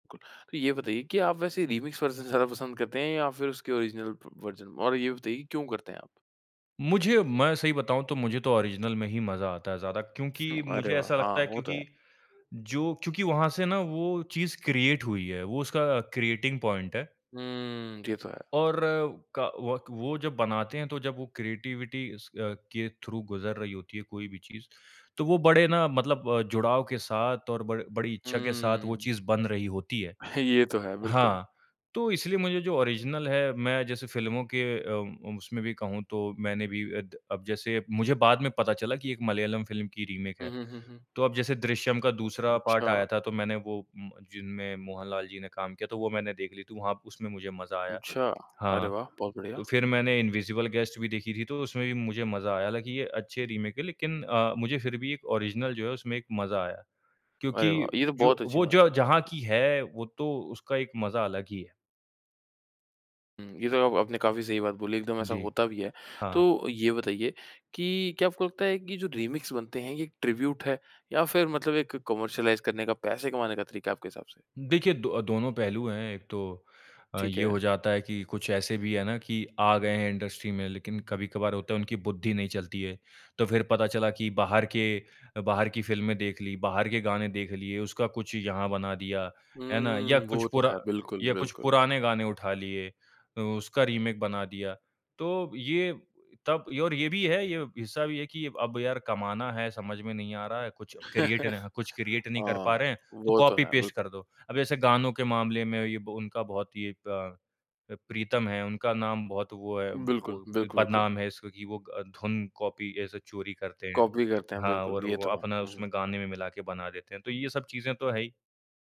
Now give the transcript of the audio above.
कुल, तो ये बताइए कि आप वैसे रीमिक्स वर्ज़न ज़्यादा पसंद करते हैं या फिर उसके ओरिजिनल प वर्ज़न और ये बताइए कि क्यों करते हैं आप? मुझे मैं सही बताऊँ तो मुझे तो ओरिजिनल में ही मज़ा आता है ज़्यादा क्योंकि अरे मुझे वाह! ऐसा हाँ, लगता है वो तो है। क्योंकि, जो क्योंकि वहाँ से ना वो चीज़ क्रिएट हुई है वो उसका क्रिएटिंग पॉइंट है। हुँ, ये तो है। और क वक वो जब बनाते हैं, तो जब वो क्रिएटिविटी स के थ्रू गुज़र रही होती है कोई भी चीज़, तो वो बड़े ना मतलब अ, जुड़ाव के साथ और बड़ बड़ी इच्छा के साथ वो हुँ। चीज़ बन रही होती है। ये तो है, बिल्कुल। हाँ, तो इसलिए मुझे जो ओरिजिनल है मैं जैसे फ़िल्मों के अ, उसमे भी कहूँ तो मैंने भी अद अब जैसे मुझे बाद में पता चला कि ये एक मलयालम फ़िल्म की रीमेक हुँ, है। हुँ, हुँ, हुँ। तो अब जैसे दृश्यम का दूसरा पार्ट अच्छा। आया था तो मैंने वो म जिनमे मोहन लाल जी ने काम किया था, वो मैंने देख ली थी वहाँ उसमे मुझे मज़ा आया। अच्छा अरे हाँ, वाह! बहुत बढ़िया। तो फिर मैंने इनविजिबल गेस्ट भी देखी थी, तो उसमे भी मुझे मज़ा आया, हालाँकि ये अच्छे रीमेक हैं लेकिन अ, मुझे फिर भी एक ओरिजिनल जो है उसमे एक मज़ा आया क्योंकि अरे वाह! ये तो जो बहुत अच्छी वो बात जो है। जहाँ की है, वो तो उसका एक मज़ा अलग ही है। हुँ, ये तो आप आपने काफ़ी सही बात बोली एकदम ऐसा जी। होता भी है। हाँ। तो ये बताइए कि क्या आपको लगता है कि जो रीमिक्स बनते हैं ये ट्रिब्यूट हैं या फिर मतलब एक कमर्शियलाइज़ करने का, पैसे कमाने का तरीका है आपके हिसाब से? देखिए दो दोनों पहलू हैं, एक तो अ, ठीक ये हो है। जाता है कि कुछ ऐसे भी है ना कि आ गए है इंडस्ट्री में लेकिन कभी-कभार होता है उनकी बुद्धि नहीं चलती है। तो फिर पता चला कि बाहर के अ, बाहर की फ़िल्में देख ली, बाहर के गाने देख लिए, उसका कुछ यहाँ बना दिया, है ना? या हुँ, कुछ वो तो पूरा है, बिल्कुल, या कुछ बिल्कुल। पुराने गाने उठा लिए, उ उसका रीमेक बना दिया तो ये तब और ये भी है ये हिस्सा भी है कि अब यार कमाना है, समझ में नहीं आ रहा है, कुछ क्रिएट नह कुछ क्रिएट नहीं कर पा हाँ, रहे है, तो वो तो कॉपी है, पेस्ट बिल्कुल। कर दो। अब ऐसे गानों के मामले में ये ब उनका बहुत ही ये प अ, प्रीतम हैं, उनका नाम बहुत वो है, वो बिल्कुल, बिल्कुल, बिल्कुल। बदनाम है इसका कि वो अ, धुन कॉपी ऐसे चोरी करते हैं। कॉपी करते हैं, हाँ, बिल्कुल, और ये वो तो है। अपना हुँ, उसमें हुँ। गाने में मिला के बना देते हैं, तो ये सब चीज़ें तो है ही।